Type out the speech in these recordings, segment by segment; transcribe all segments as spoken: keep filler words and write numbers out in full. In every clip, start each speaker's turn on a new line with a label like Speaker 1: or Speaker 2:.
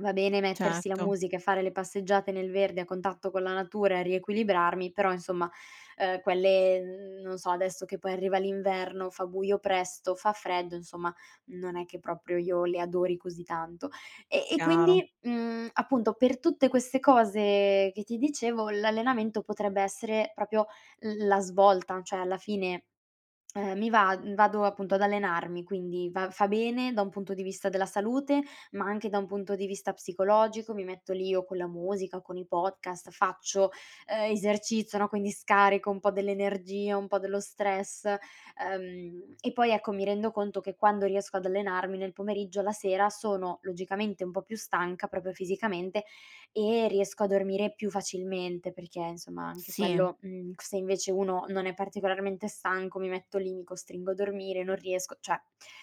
Speaker 1: Va bene mettersi la
Speaker 2: Certo.
Speaker 1: musica e fare le passeggiate nel verde a contatto con la natura e riequilibrarmi, però insomma, uhm, quelle n non so, adesso che poi arriva l'inverno, fa buio presto, fa freddo, nsomma, non è che proprio io le adori così tanto. E e
Speaker 2: Chiaro.
Speaker 1: quindi, mhmm, appunto, per tutte queste cose che ti dicevo, l'allenamento potrebbe essere propio l la svolta, cioè alla fine, ehm, mi vad vado appunto ad allenarmi, quindi va fa bene da un punto di vista della salute, ma anche da un punto di vista psicologico, mi metto lì o co la musica, o con i podcast, faccio, ehm, esercizio, no, quindi scarico un po' dell'energia, un po' dello stress, uhm, e poi, ecco, mi rendo conto che quando riesco ad allenarmi nel pomeriggio, la sera sono, logicamente, un po' più stanca proprio fisicamente, e riesco a dormire più facilmente perché, insomma, anche
Speaker 2: Sì.
Speaker 1: quello mhmm, c se invece uno non è particolarmente stanco, mi metto lì, mi costringo a dormire, non riesco cioè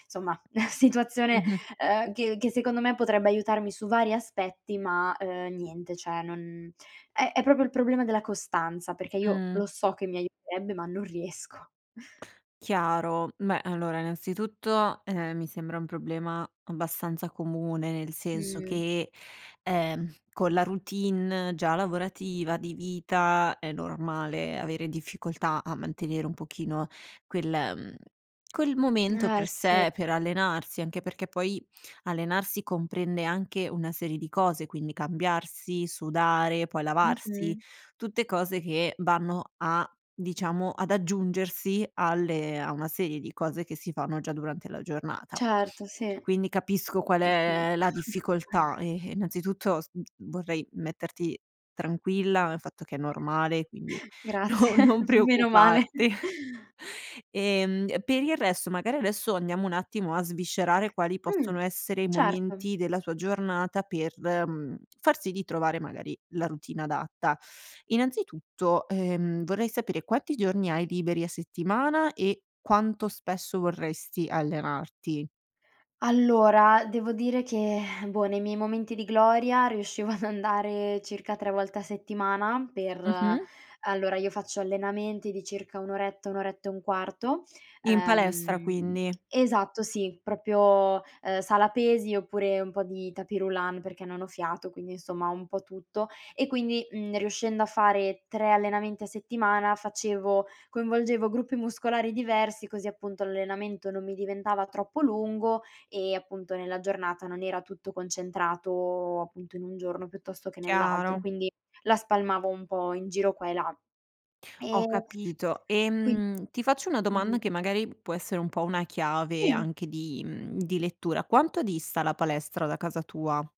Speaker 1: nsomma, situazione,
Speaker 2: Mh-mh.
Speaker 1: uhm, che che secondo me potrebbe aiutarmi su vari aspetti, ma, uhm, niente cioè non è è proprio il problema della costanza, perché io
Speaker 2: Mh.
Speaker 1: lo so che mi aiuterebbe, ma non riesco.
Speaker 2: Chiaro, meh, allora innanzitutto, ehm, mi sembra un problema abbastanza comune, nel senso
Speaker 1: Mh.
Speaker 2: che, ehm, con la routine già lavorativa, di vita, è normale avere difficoltà a mantenere un pochino quel mhmm, quel momento
Speaker 1: Eh,
Speaker 2: per
Speaker 1: sì.
Speaker 2: sé, per allenarsi. Anche perché poi allenarsi comprende anche una serie di cose, quindi cambiarsi, sudare, poi lavarsi,
Speaker 1: Mh-mh.
Speaker 2: tutte cose che vanno a diciamo, ad aggiungersi alle a una serie di cose che si fanno già durante la giornata.
Speaker 1: Certo, sì.
Speaker 2: Quindi
Speaker 1: E
Speaker 2: capisco qual
Speaker 1: ce
Speaker 2: è la difficoltà e e, innanzitutto, s vorrei metterti tranquilla nel fatto che è normale, quindi no
Speaker 1: Grazie,
Speaker 2: non
Speaker 1: meno male
Speaker 2: preoccuparti. Ehm, per il resto, magari adesso andiamo un attimo a sviscerare quali
Speaker 1: Mh,
Speaker 2: possono essere i
Speaker 1: certo.
Speaker 2: momenti della tua giornata per, mhmm, far sì di trovare magari la routine adatta. Innanzitutto, ehm, vorrei sapere quanti giorni hai liberi a settimana e quanto spesso vorresti allenarti.
Speaker 1: Allora, devo dire che boh, nei miei momenti di gloria riuscivo ad andare circa tre volte a settimana per
Speaker 2: Mh-mh.
Speaker 1: allora io faccio allenamenti di circa un oretta, un oretta e un quarto,
Speaker 2: In palestra
Speaker 1: uhm,
Speaker 2: quindi.
Speaker 1: esatto sì, propio, uhm, sala pesi, oppure un po' di tapis roulant perché non ho fiato, quindi insomma un po' tutto. E quindi, mhmm, riuscendo a fare tre allenamenti a settimana facevo coinvolgevo gruppi muscolari diversi così, appunto, l'allenamento non mi diventava troppo lungo e, appunto, nella giornata non era tutto concentrato, appunto, in un giorno piuttosto che nell'altro,
Speaker 2: Chiaro.
Speaker 1: quindi la spalmavo un po' in giro qua e là.
Speaker 2: Ho
Speaker 1: Ehm,
Speaker 2: capito.
Speaker 1: quin
Speaker 2: Ehm, ti faccio una
Speaker 1: [unintelligible]
Speaker 2: domanda che magari può essere un po' una chiave
Speaker 1: Sì.
Speaker 2: anche di mhmm, di lettura. Quanto dista la palestra da casa tua?